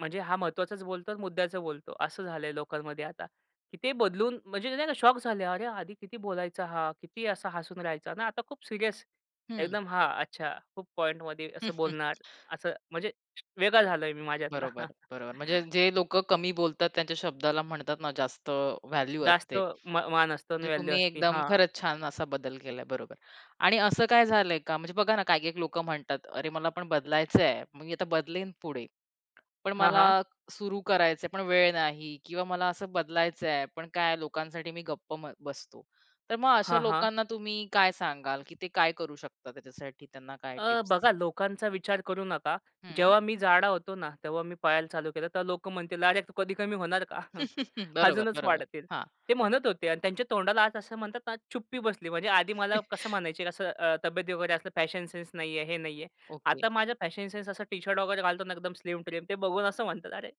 म्हणजे हा महत्त्वाचाच बोलतो आणि मुद्द्याचं बोलतो, असं झालंय लोकांमध्ये आता. की ते बदलून, म्हणजे नाही का? शॉक झाले, "अरे! आधी किती बोलायचा हा. किती असा हसून राहायचा ना. आता खूप सीरियस, हं. एकदम." हां. अच्छा खूप पॉइंटमध्ये असं बोलणार, असं. म्हणजे वेगळा झालोय मी माझ्यातला. बरोबर, बरोबर. म्हणजे जे लोकं कमी बोलतात, त्यांच्या शब्दाला म्हणतात ना जास्त अ, व्हॅल्यू असते. जास्त मा मान असतं आणि म्हणजे व्हॅल्यू तुम्ही असती, एकदम हां. खरंच छान असा बदल केलाय, बरोबर. आणि असं काय झालंय का? म्हणजे बघा ना, काही-काही लोकं म्हणतात, "अरे मला पण बदलायचंय मी आता बदलीन पुढे" पण हां, मला हां. सुरु करायचंय, पण वेळ नाही किंवा मला असं बदलायचंय, पण काय लोकांसाठी मी गप्प म बसतो. तर मग अशा हां, हां. लोकांना तुम्ही काय सांगाल, की ते काय करू शकतात त्याच्यासाठी, त्यांना काय अ, टिप्स? बघा लोकांचा विचार करू नका. हं. जेव्हा मी जाडा होतो ना, तेव्हा मी पळायला चालू केलं. तेव्हा लोकं म्हणतील, "अरे कधी कमी होणार का?" बरोबर, अजूनच बरोबर. वाढतील. हां. ते म्हणत होते आणि त्यांच्या तोंडाला आज असं म्हणतात ना चुप्पी बसली. म्हणजे आधी मला कसं म्हणायचे असं अ, तब्येत वगैरे असलं फॅशन सेन्स नाहीये, हे नाहीये. ओके. आता माझा फॅशन सेन्स असं टी-शर्ट वगैरे घालतो ना, एकदम स्लिम-ट्रिम ते बघून असं म्हणतात, "अरे"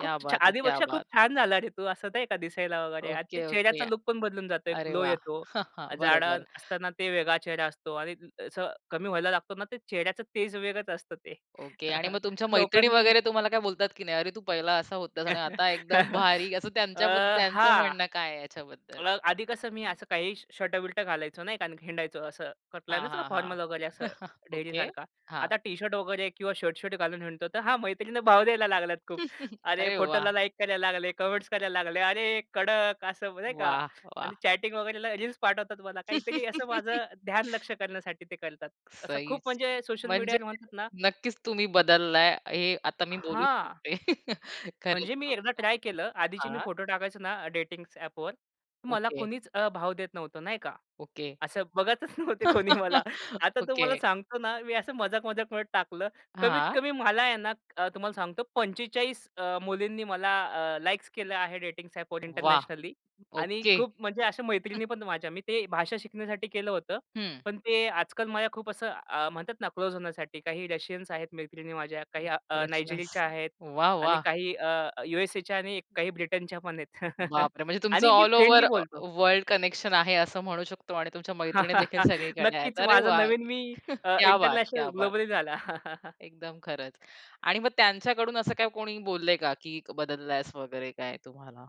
"खूप छा बात है! क्या आधीपेक्षा खूप बात! छान झाला रे तू!" असं नाही का दिसायला वगैरे. आणि ते ओके, ओके. चेहऱ्याचा लूक पण बदलून जातो, अरे ग्लो वाह! येतो. बरोबर. जाडं असताना ते वेगळा चेहरा असतो. आणि अ, असं कमी व्हायला लागतो ना, ते चेहऱ्याचं तेज वेगळच असतं ते. ओके आणि मग तुमच्या मैत्रिणी लोकांनी वगैरे तुम्हाला काय बोलतात की नाही? "अरे तू पहिला असा होतास. आणि आता एकदम भारी" असं अ, त्यांच्या बद्द त्यांचं हां. म्हणणं काय आहे याच्याबद्दल? अ, आधी कसं मी असं काही श शर्ट-बिर्ट घालायचो नाही का. आणि हिंडायचो असं. हां, [unintelligible] का हां, हां. फॉर्मल वगैरे असं ओके. ढेरीसारखा. हां. आता टी-शर्ट वगैरे किंवा शर्ट-शर्ट घालून हिंडतो. तर हा मैत्रिणींना भाव द्यायला लागल्यात खूप. अरे अरे वाह! फोटोला लाइक करायला लागले, कमेंट्स करायला लागले, "अरे! कडक असं नाही का" वाह! आणि वाह! चॅटिंग वगैरेला रील्स पाठवतात मला. काहीतरी असं माझं ध्यान लक्ष्य करण्यासाठी ते करतात. असं खूप सहीच! म्हणजे सोशल म्हणजे मीडियावर म्हणतात ना नक्कीच तुम्ही बदललाय, हे आता मी बोलू हां. शकते. खरंच, म्हणजे मी खूप एकदा ट्राय केलं. आधीचे छान. मी हां. फोटो टाकायचो ना डेटिंग्स ॲपवर मला ओके. कुणीच अ, भाव देत नव्हतं नाही का. ओके. असं बघतच नव्हते कोणी मला. आता तो ओके. मला सांगतो ना मी असं मजाक-मजाकमध्ये टाकलं. कमीत हां. कमी मला आहे ना अ, तुम्हाला सांगतो, 45 अ, मुलींनी मला अ, लाइक्स केलेले आहे डेटिंग्स ॲपवर वाह! इंटरनॅशनली. आणि ओके. खूप म्हणजे अशा मैत्रिणी पण माझ्या मी ते भाषा शिकण्यासाठी केलं होतं. हं. पण ते आजकाल माझ्या खूप असं म्हणतात ना अ, क्लोज होण्यासाठी, काही रशियन्स आहेत मैत्रिणी माझ्या काही अ, करपशण. नायजेरियाच्या आहेत. वाह! आणि वाह! काही अ, यू-एस-एच्या आणि काही ब्रिटनच्या पण आहेत. बापरे! म्हणजे तुमचं आणि मी ऑल फ्रेंडली ओव्हर बोलतो. वर्ल्ड कनेक्शन आहे असं म्हणू शकतो आणि तुमच्या मैत्रिणी देखील सगळीकडे आहेत. नक्कीच अरे माझा वाह! नवीन मी अ, क्या बात! इंटरनॅशनल क्या बात! ग्लोबली झाला. एकदम खरंच. आणि मग त्यांच्याकडून असं काही कोणी बोललंय का की बदललायस वगैरे काय तुम्हाला?